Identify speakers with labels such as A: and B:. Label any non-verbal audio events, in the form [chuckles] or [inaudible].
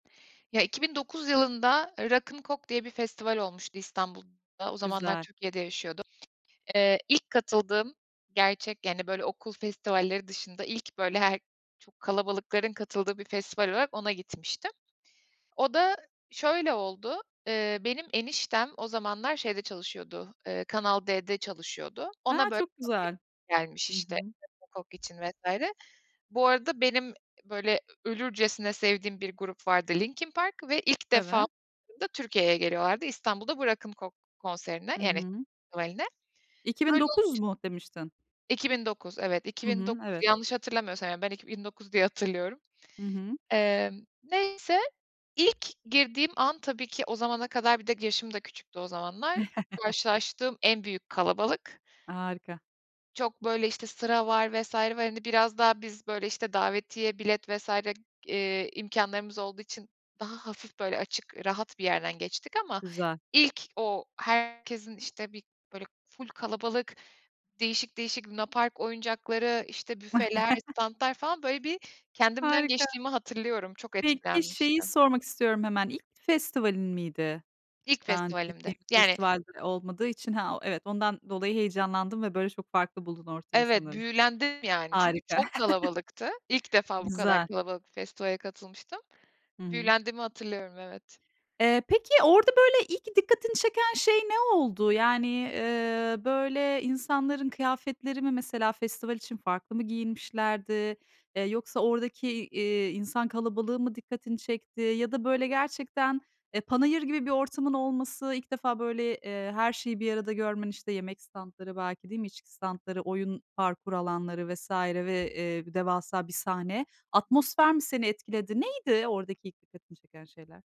A: Ya, 2009 yılında, ııı, "Rock'n Coke" diye bir festival olmuştu İstanbul'da; o zamanlar
B: Güzel.
A: Türkiye'de yaşıyordum. Eee, ilk katıldığım gerçek, yani, böyle, okul festivalleri dışında ilk, böyle, her çok kalabalıkların katıldığı bir festival olarak ona gitmiştim. O da şöyle oldu: Eee, benim eniştem o zamanlar şeyde çalışıyordu, eee, Kanal D'de çalışıyordu.
B: He,
A: Ona, böyle,
B: çok güzel.
A: davetiye gelmiş,
B: Hı
A: işte,
B: hı.
A: Rock'n Coke için vs. Bu arada benim, böyle, ölürcesine sevdiğim bir grup vardı "Linkin Park" ve ilk defa
B: Evet.
A: [unintelligible] Türkiye'ye geliyorlardı, İstanbul'da bu Rock'n Coke konserine,
B: Hı
A: yani
B: hı.
A: festivaline.
B: "İki bin
A: Öyle
B: dokuz"
A: olunca
B: mu demiştin?
A: 2009, evet, iki
B: Hı
A: bin
B: hı.
A: dokuz.
B: Evet.
A: Yanlış hatırlamıyorsam, yani, ben 2009 diye hatırlıyorum.
B: Hı hı.
A: Emm, neyse. İlk girdiğim an, tabii ki o zamana kadar bir de yaşım da küçüktü o zamanlar.
B: [chuckles]
A: Karşılaştığım en büyük kalabalık.
B: Harika.
A: Çok, böyle, işte, sıra var vs. var. Hani, biraz daha biz, böyle, işte, davetiye bilet vs. g eee, imkânlarımız olduğu için daha hafif, böyle açık, rahat bir yerden geçtik ama
B: Güzel.
A: ilk o herkesin, işte, bir, böyle, ful kalabalık değişik değişik lunapark oyuncakları, işte, büfeler,
B: [chuckles]
A: stantlar falan, böyle, bir kendimden
B: Harika.
A: geçtiğimi hatırlıyorum. Çok
B: Peki şeyi
A: etkilenmiştim.
B: sormak istiyorum hemen: İlk festivalin miydi?
A: İlk
B: Daha önce
A: festivalimdi.
B: gittiğin
A: Yani
B: festival de olmadığı için Ha, o Evet, ondan dolayı heyecanlandın ve, böyle, çok farklı buldun ortamı
A: Evet,
B: sanırım.
A: büyülendim yani, çünkü
B: Harika.
A: çok
B: [chuckles]
A: kalabalıktı. İlk defa bu kadar
B: Güzel.
A: kalabalık bir festivale katılmıştım.
B: Hı hı.
A: Büyülendiğimi hatırlıyorum, evet.
B: Eee, peki orada, böyle, ilk dikkatini çeken şey ne oldu? Yani, iii, böyle, insanların kıyafetleri mi? Mesela festival için farklı mı giyinmişlerdi? Eee, yoksa oradaki, iii, insan kalabalığı mı dikkatini çekti? Ya da, böyle, gerçekten e, panayır gibi bir ortamın olması, ilk defa böyle, eee, her şeyi bir arada görmen, işte, yemek stantları belki, değil mi? İçki stantları, oyun parkur alanları vs. ve, eee, bir devasa bir sahne.
A: Hı.
B: Atmosfer mi seni etkiledi? Neydi oradaki ilk dikkatini çeken şeyler?